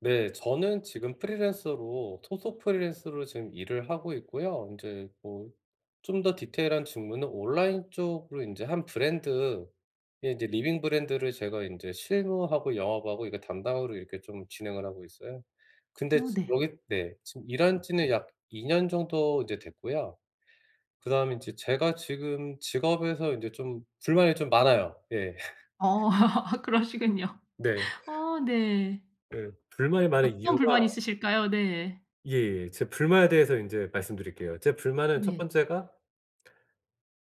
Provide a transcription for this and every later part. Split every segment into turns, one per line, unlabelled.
네. 저는 지금 프리랜서로, 소속 프리랜서로 지금 일을 하고 있고요. 인제 뭐 좀 더 디테일한 직무는 온라인 쪽으로 인제 한 브랜드의 이제 리빙 브랜드를 제가 인제 실무하고 영업하고 이거 담당으로 이렇게 좀 진행을 하고 있어요. 근데
어
지
네.
여기 네. 지금 일한 지는 약 2 년 정도 이제 됐고요. 그다음에 이제 제가 지금 직업에서 인제 좀 불만이 좀 많아요. 예.
어. 그러시군요.
네.
어 네.
예. 불만이 많은
어떤
이유가
불만이 있으실까요? 네.
예예. 제 불만에 대해서 인제 말씀드릴게요. 제 불만은 1
네.
번째가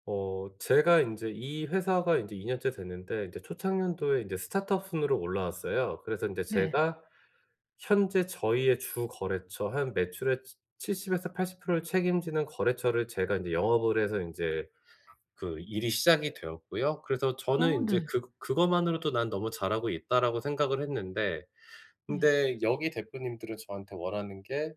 어 제가 인제 이 회사가 인제 2 년째 됐는데 이제 초창년도에 인제 스타트업 순으로 올라왔어요. 그래서 인제
네.
제가 현재 저희의 주거래처 한 매출의 치 칠십에서 80% 를 책임지는 거래처를 제가 인제 영업을 해서 인제 그 일이 시작이 되었고요. 그래서 저는
어
인제
네.
그 그것만으로도 '난 너무 잘하고 있다.'라고 생각을 했는데
네.
근데 여기 대표님들은 저한테 원하는 게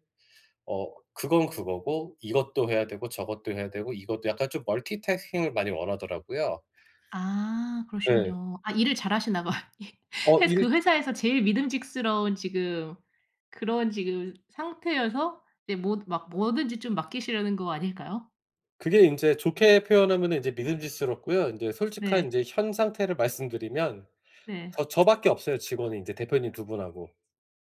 어 그건 그거고 이것도 해야 되고 저것도 해야 되고 이것도 약간 좀 멀티태스킹을 많이 원하더라고요.
아.
네.
그러시군요. 아 일을 잘하시나 봐요. 예.
어.
회사 그
일
회사에서 제일 믿음직스러운 지금 그런 지금 상태여서 이제 뭐 막 뭐든지 좀 맡기시려는 거 아닐까요?
그게 인제 좋게 표현하면은 인제 믿음직스럽고요. 인제 솔직한
네.
인제 현 상태를 말씀드리면
네.
저 저 밖에 없어요 직원이, 인제 대표님 2 분하고.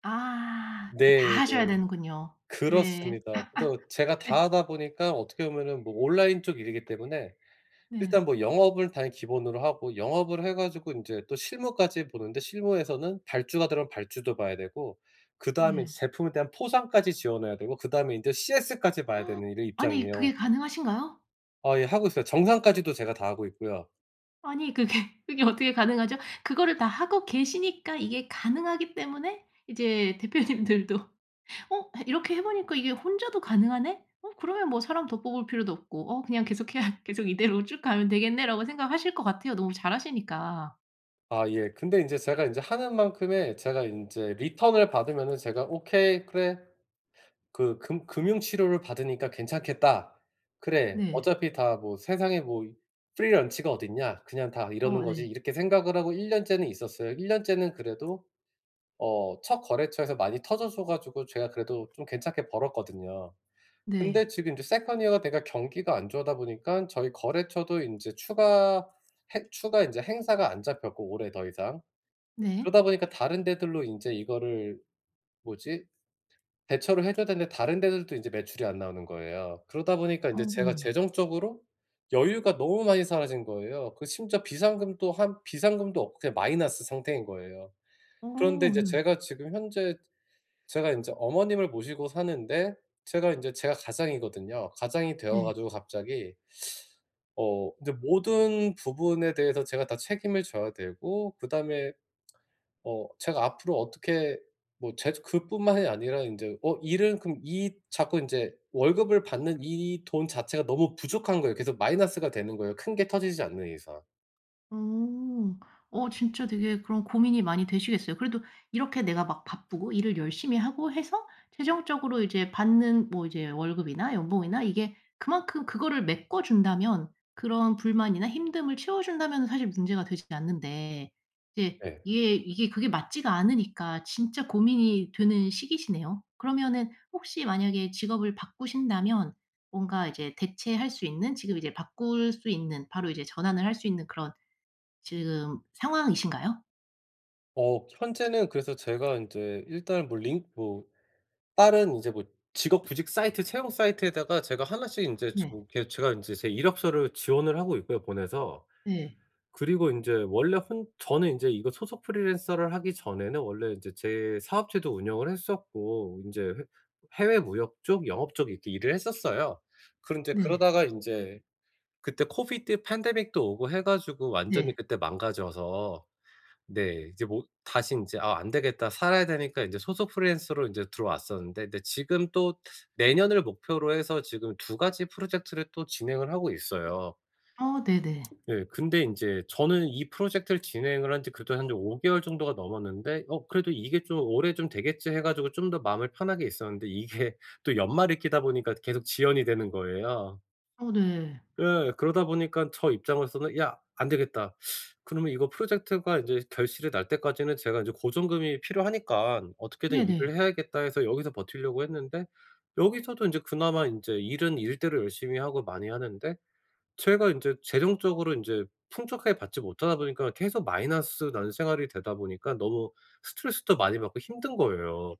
아. 예 다
네 네.
하셔야 되는군요. 네.
그렇습니다. 그래서 제가 다
예.
하다 보니까 어떻게 보면은 뭐 온라인 쪽 일이기 때문에
네.
일단 뭐 영업을 당연히 기본으로 하고 영업을 해 가지고 인제 또 실무까지 보는데 실무에서는 발주가 들어가면 발주도 봐야 되고 그다음에 이제
네.
제품에 대한 포상까지 지원해야 되고 그다음에 이제 CS까지 봐야 되는 이런
아니
입장이에요.
그게 가능하신가요?
아 예 하고 있어요. 정산까지도 제가 다 하고 있고요.
아니 그게 그게 어떻게 가능하죠? 그거를 다 하고 계시니까 이게 가능하기 때문에 이제 대표님들도 '어 해 이렇게 해보니까 이게 혼자도 가능하네? 어 그러면 뭐 사람 더 뽑을 필요도 없고 어 그냥 계속해야 계속 이대로 쭉 가면 되겠네.'라고 생각하실 것 같아요 너무 잘하시니까.
아 예. 근데 인제 제가 인제 하는 만큼의 제가 인제 리턴을 받으면은 제가 '오케이 그래 그 금 금융 치료를 받으니까 괜찮겠다. 그래
네.
어차피 다 뭐 세상에 뭐 이 free lunch가 어딨냐? 그냥 다 이러는
어
거지.'
네.
이렇게 생각을 하고 1 년째는 있었어요. 1 년째는 그래도 어 첫 거래처에서 많이 터져 줘 가지고 제가 그래도 좀 괜찮게 벌었거든요.
네.
근데 지금 이제 second year가 돼가 경기가 안 좋으다 보니깐 저희 거래처도 인제 추가 핵 추가 인제 행사가 안 잡혔고 올해 더 이상.
네.
그러다 보니까 다른 데들로 인제 이거를 뭐지? 대처를 해 줘야 되는데 다른 데들도 인제 매출이 안 나오는 거예요. 그러다 보니까 인제
어
제가
네.
재정적으로 여유가 너무 많이 사라진 거예요. 그 심지어 비상금도 한 비상금도 없고 그냥 마이너스 상태인 거예요. 그런데
어
이제
네.
제가 지금 현재 제가 인제 어머님을 모시고 사는데 제가 인제 제가 가장이거든요. 가장이 되어
네.
가지고 갑자기 어 인제 모든 부분에 대해서 제가 다 책임을 져야 되고 그다음에 어 제가 앞으로 어떻게 뭐 제 그뿐만이 아니라 인제 어 일은 그럼 이 자꾸 인제 월급을 받는 이 돈 자체가 너무 부족한 거예요. 계속 마이너스가 되는 거예요 큰 게 터지지 않는 이상.
어. 어 진짜 되게 그런 고민이 많이 되시겠어요. 그래도 이렇게 내가 막 바쁘고 일을 열심히 하고 해서 최종적으로 이제 받는 뭐 이제 월급이나 연봉이나 이게 그만큼 그거를 메꿔 준다면 그런 불만이나 힘듦을 채워 준다면은 사실 문제가 되진 않는데 이게
네.
예 이게 그게 맞지가 않으니까 진짜 고민이 되는 시기시네요. 그러면은 혹시 만약에 직업을 바꾸신다면 뭔가 이제 대체할 수 있는 지금 이제 바꿀 수 있는 바로 이제 전환을 할 수 있는 그런 지금 상황이신가요?
어 현재는 그래서 제가 인제 일단은 뭐 링 뭐 다른 이제 뭐 직업 구직 사이트 채용 사이트에다가 제가 1 씩 인제 저
네.
이렇게 제가 인제 제 이력서를 지원을 하고 있고요 보내서.
네.
그리고 인제 원래 혼 저는 인제 이거 소속 프리랜서를 하기 전에는 원래 이제 제 사업체도 운영을 했었고 인제 해 해외 무역 쪽, 영업 쪽 이렇게 일을 했었어요. 그런데
네.
그러다가 인제 그때 코비드 팬데믹도 오고 해 가지고 완전히
네.
그때 망가져서 네 이제 뭐 다시 인제 '아 안되겠다.' 살아야 되니까 인제 소속 프리랜서로 인제 들어왔었는데 근데 지금 또 내년을 목표로 해서 지금 2 가지 프로젝트를 또 진행을 하고 있어요.
어 네네.
예. 근데 인제 저는 이 프로젝트를 진행을 한 지 그래도 한 5 개월 정도가 넘었는데 '어 그래도 이게 좀 올해 좀 되겠지.' 해 가지고 좀 더 마음을 편하게 있었는데 이게 또 연말이 끼다 보니까 계속 지연이 되는 거예요.
어 네.
예. 그러다 보니깐 저 입장으로서는 "야 안 되겠다." 그러면 이거 프로젝트가 인제 결실이 날 때까지는 제가 인제 고정금이 필요하니깐 "어떻게든 일을
네네.
해야겠다." 해서 여기서 버티려고 했는데 여기서도 인제 그나마 인제 일은 일대로 열심히 하고 많이 하는데 제가 인제 재정적으로 인제 풍족하게 받지 못하다 보니까 계속 마이너스 나는 생활이 되다 보니까 너무 스트레스도 많이 받고 힘든 거예요.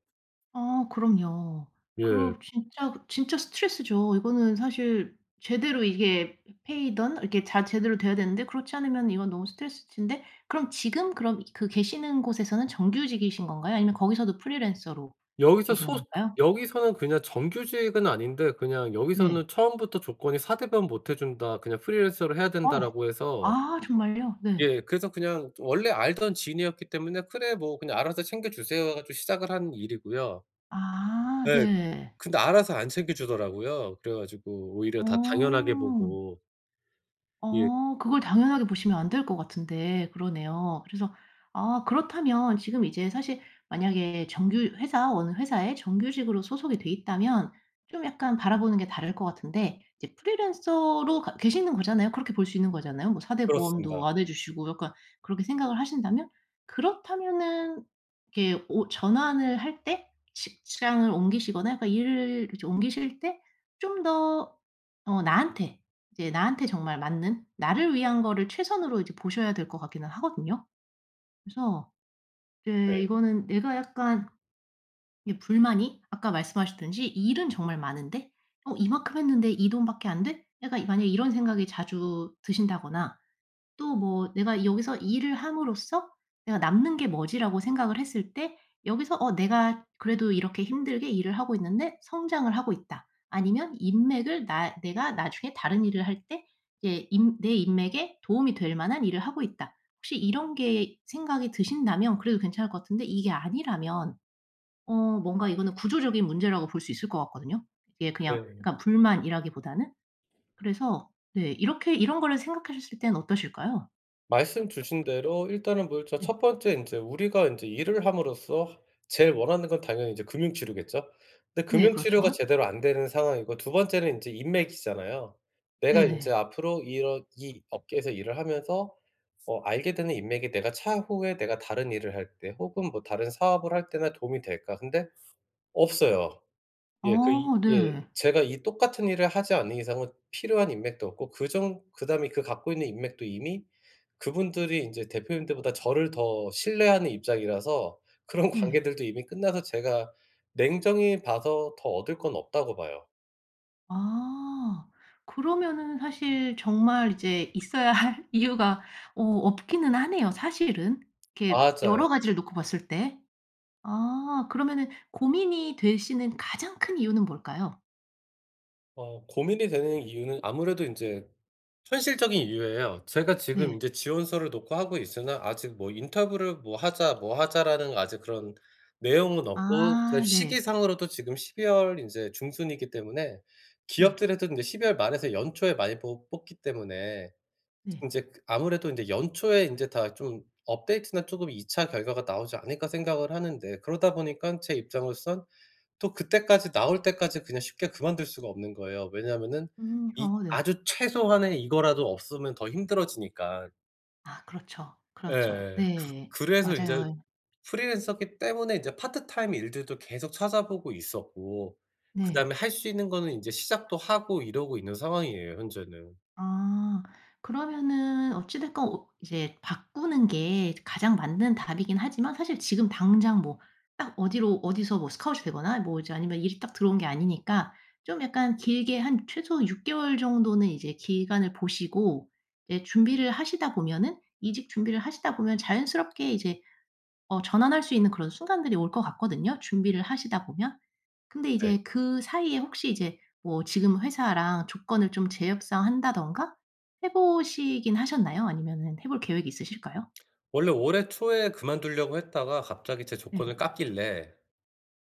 아 그럼요.
예.
그럼 진짜, 진짜 스트레스죠. 이거는 사실 제대로 이게 페이든 이렇게 자 제대로 돼야 되는데 그렇지 않으면 이건 너무 스트레스신데 그럼 지금 그럼 그 계시는 곳에서는 정규직이신 건가요? 아니면 거기서도 프리랜서로
여기서
계시는
소 그
건가요?
여기서는 그냥 정규직은 아닌데 그냥
네.
여기서는 처음부터 조건이 "4 대보험 못 해준다. 그냥 프리랜서를 해야
어.
된다."라고 해서
아 정말요? 네.
예. 그래서 그냥 원래 알던 지인이었기 때문에 그래 뭐 "그냥 알아서 챙겨주세요." 해 가지고 시작을 한 일이고요.
아
예.
네.
근데 알아서 안 챙겨주더라고요. 그래 가지고 오히려 다 당연하게
어.
보고. 예.
어 그걸 당연하게 보시면 안 될 것 같은데 그러네요. 그래서 아 그렇다면 지금 이제 사실 만약에 정규 회사, 어느 회사에 정규직으로 소속이 돼 있다면 좀 약간 바라보는 게 다를 것 같은데 이제 프리랜서로 가 계시는 거잖아요. 그렇게 볼 수 있는 거잖아요. 뭐 4 대 보험도
그렇습니다.
안 해 주시고 약간 그렇게 생각을 하신다면 그렇다면은 이렇게 오 전환을 할 때 직장을 옮기시거나 약간 일을 그렇지 옮기실 때 좀 더 어 나한테 이제 나한테 정말 맞는 나를 위한 거를 최선으로 이제 보셔야 될 것 같기는 하거든요. 그래서 이제
네.
이거는 내가 약간 이 불만이 아까 말씀하셨듯이 일은 정말 많은데 어 '이만큼 했는데 이 돈밖에 안 돼?' 약간 이 만약에 이런 생각이 자주 드신다거나 또 뭐 '내가 여기서 일을 함으로써 내가 남는 게 뭐지?'라고 생각을 했을 때 여기서 어 '내가 그래도 이렇게 힘들게 일을 하고 있는데 성장을 하고 있다.' 아니면 인맥을 나 '내가 나중에 다른 일을 할 때 이제 인 내 인맥에 도움이 될 만한 일을 하고 있다.' 혹시 이런 게 생각이 드신다면 그래도 괜찮을 것 같은데 이게 아니라면 어 뭔가 이거는 구조적인 문제라고 볼 수 있을 것 같거든요, 이게 그냥
예.
약간 불만이라기보다는. 그래서 네. 이렇게 이런 거를 생각하셨을 땐 어떠실까요?
말씀 주신 대로 일단은 뭐 일 저
네.
첫 번째 인제 우리가 인제 일을 함으로써 제일 원하는 건 당연히 이제 금융 치료겠죠. 근데
네,
금융 치료가
그렇죠.
제대로 안 되는 상황이고 2 번째는 인제 인맥이잖아요. 내가 인제
네네.
앞으로 이런 이 업계에서 일을 하면서 어 알게 되는 인맥이 내가 차후에 내가 다른 일을 할 때 혹은 뭐 다른 사업을 할 때나 도움이 될까? 근데 없어요. 예, 그 이
어
예
네.
제가 이 똑같은 일을 하지 않는 이상은 필요한 인맥도 없고 그 정 그다음에 그 갖고 있는 인맥도 이미 그분들이 인제 대표님들보다 저를 더 신뢰하는 입장이라서 그런
네.
관계들도 이미 끝나서 제가 냉정히 봐서 더 얻을 건 없다고 봐요.
아 그러면은 사실 정말 이제 있어야 할 이유가 어 없기는 하네요 사실은 이렇게
맞아요.
여러 가지를 놓고 봤을 때. 아 그러면은 고민이 되시는 가장 큰 이유는 뭘까요?
어 고민이 되는 이유는 아무래도 인제 현실적인 이유예요. 제가 지금
네.
인제 지원서를 넣고 하고 있으나 아직 뭐 "인터뷰를 뭐 하자, 뭐 하자."라는 아직 그런 내용은 없고 그다음에
아 네.
시기상으로도 지금 12 월 인제 중순이기 때문에
네.
기업들에도 인제 12 월 말에서 연초에 많이 뽑 뽑기 때문에
네.
인제 그 아무래도 인제 '연초에 인제 다 좀 업데이트나 쪼금 2 차 결과가 나오지 않을까.' 생각을 하는데 그러다 보니깐 제 입장으로선 또 그때까지 나올 때까지 그냥 쉽게 그만둘 수가 없는 거예요. 왜냐하면은
음
이
아 네.
아주 최소한의 이거라도 없으면 더 힘들어지니까.
아 그렇죠. 그렇죠.
예예. 그
네.
그래서 인제
맞아요.
프리랜서기 때문에 인제 파트타임 일들도 계속 찾아보고 있었고
네.
그다음에 할 수 있는 거는 인제 시작도 하고 이러고 있는 상황이에요 현재는.
아 그러면은 어찌 됐건 옷 이제 바꾸는 게 이제 가장 맞는 답이긴 하지만 사실 지금 당장 뭐 딱 어디로 어디서 뭐 스카웃이 되거나 뭐 이제 아니면 일이 딱 들어온 게 아니니까 좀 약간 길게 한 최소 6 개월 정도는 이제 기간을 보시고 이제 준비를 하시다 보면은 이직 준비를 하시다 보면 자연스럽게 이제 어 전환할 수 있는 그런 순간들이 올 것 같거든요 준비를 하시다 보면. 근데
네.
이제 그 사이에 혹시 이제 뭐 지금 회사랑 조건을 좀 재협상한다든가 해 보시긴 하셨나요? 아니면은 해 볼 계획이 있으실까요?
원래 올해 초에 그만두려고 했다가 갑자기 제
네.
조건을 깎길래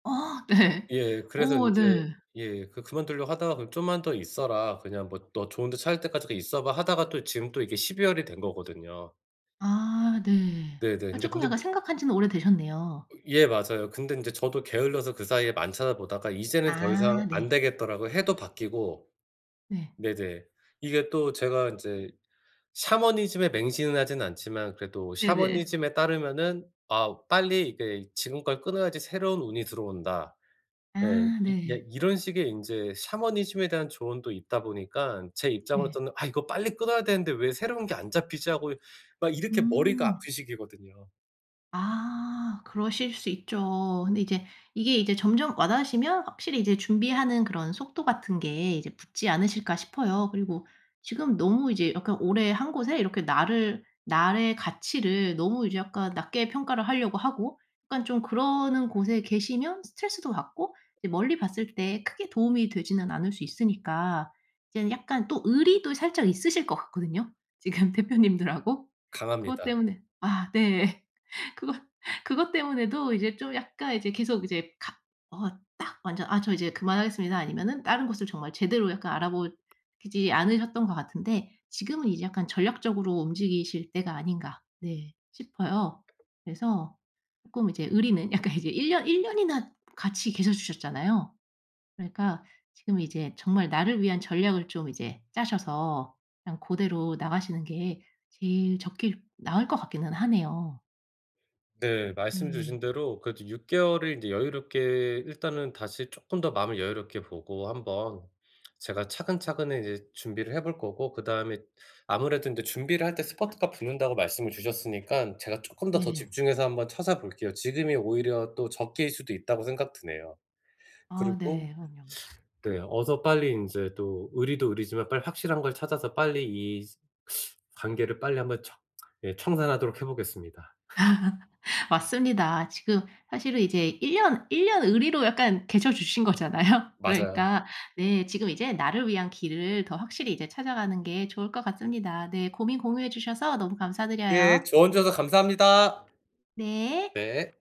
아 네.
예, 그래서
오
인제
네.
예 그 그만두려고 하다가 "그럼 좀만 더 있어라. 그냥 뭐 너 좋은데 찾을 때까지 그 있어 봐." 하다가 또 지금 또 이게 12 월이 된 거거든요.
아 네.
네네.
아
근데,
쪼끔
근데
약간
무
생각한 지는 오래되셨네요.
예 맞아요. 근데 인제 저도 게을러서 그사이에 안 찾아보다가 이제는 더 이상
아
안
네.
되겠더라고요. 해도 바뀌고.
네.
네네. 이게 또 제가 인제 샤머니즘에 맹신은 하진 않지만 그래도
네네.
샤머니즘에 따르면은 아 '빨리 이게 지금 걸 끊어야지 새로운 운이 들어온다.' 예.
아
이 예
네.
이런 식의 인제 샤머니즘에 대한 조언도 있다 보니깐 제
네.
입장으로서는 '아 이거 빨리 끊어야 되는데 왜 새로운 게 안 잡히지.' 하고 이 막 이렇게 머리가
음.
아픈 시기거든요.
아 그러실 수 있죠. 근데 이제 이게 이제 점점 와닿으시면 확실히 이제 준비하는 그런 속도 같은 게 이제 붙지 않으실까 싶어요. 그리고 지금 너무 이제 약간 오래 한 곳에 이렇게 나를 나의 가치를 너무 이제 약간 낮게 평가를 하려고 하고 약간 좀 그러는 곳에 계시면 스트레스도 받고 이제 멀리 봤을 때 크게 도움이 되지는 않을 수 있으니까 이제는 약간 또 의리도 살짝 있으실 것 같거든요 지금 대표님들하고. 그것
강합니다.
때문에 아 네. 그것 그것 때문에도 이제 좀 약간 이제 계속 이제 갑 어 딱 완전 '아 저 이제 그만하겠습니다.' 아니면은 다른 곳을 정말 제대로 약간 알아보지 않으셨던 것 같은데 지금은 이제 약간 전략적으로 움직이실 때가 아닌가 네 싶어요. 그래서 쪼끔 이제 의리는 약간 이제 1 년, 1 년이나 같이 계셔주셨잖아요. 그러니까 지금 이제 정말 나를 위한 전략을 좀 이제 짜셔서 그냥 고대로 나가시는 게 제일 적기일 나을 것 같기는 하네요.
네. 말씀 주신
예예.
대로 그래도 6 개월을 인제 여유롭게 일단은 다시 쪼끔 더 마음을 여유롭게 보고 한번 제가 차근차근 이제 준비를 해 볼 거고, 그다음에 아무래도 인제 준비를 할 때 스퍼트가 붙는다고 말씀을 주셨으니깐 제가 쪼끔 더 더
네.
집중해서 한번 찾아볼게요. 지금이 오히려 또 적기일 수도 있다고 생각 드네요.
아
그리고
네. 그럼요.
네. 어서 빨리 인제 또 의리도 의리지만 빨리 확실한 걸 찾아서 빨리 이 관계를 빨리 한번 정 예 청산하도록 해보겠습니다.
맞습니다. 지금 사실은 이제 1 년 1 년 의리로 약간 계셔 주신 거잖아요.
맞아요.
그러니까 네. 지금 이제 나를 위한 길을 더 확실히 이제 찾아가는 게 좋을 것 같습니다. 네. 고민 공유해 주셔서 너무
예.
감사드려요.
조언 주셔서 감사합니다.
네.
네.